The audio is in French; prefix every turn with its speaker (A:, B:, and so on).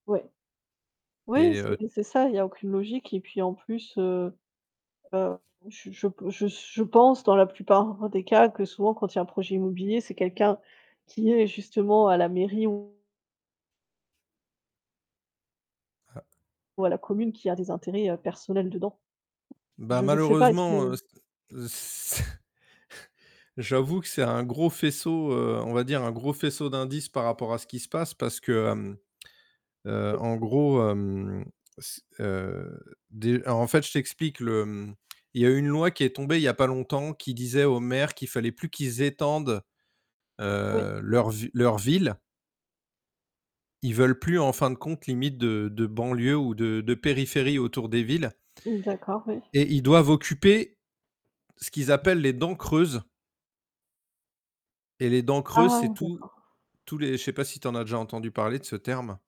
A: Ouais. Oui,
B: Et
A: c'est
B: heu, t
A: c'est ça. Il y a aucune logique, et puis en plus, heu heu, je je pe je s je pense dans la plupart des cas que souvent quand il y a un projet immobilier, c'est quelqu'un qui est justement à la mairie ou
B: Ah.
A: ou à la commune qui a des intérêts, heu, personnels dedans.
B: Bah
A: Je je sais pas. Est-ce que
B: malheureusement, heu, c heu, c j'avoue que c'est un gros faisceau, heu on va dire un gros faisceau d'indices par rapport à ce qu'il se passe parce que, hem, heu,
A: Oui.
B: en gros, hem, c heu, dé alors en fait je t'explique le, mmh il y a eu une loi qui est tombée il y a pas longtemps qui disait aux maires qu'il fallait plus qu'ils étendent,
A: Oui.
B: heu, leur v leur ville. Ils veulent plus, en fin de compte, limite de de banlieue ou de de périphérie autour des villes.
A: Mmh, d'accord, oui.
B: Et ils doivent occuper ce qu'ils appellent les dents creuses. Et les dents creuses,
A: Ah!
B: c'est tous
A: D'accord.
B: tous les je sais pas si tu en as déjà entendu parler de ce terme?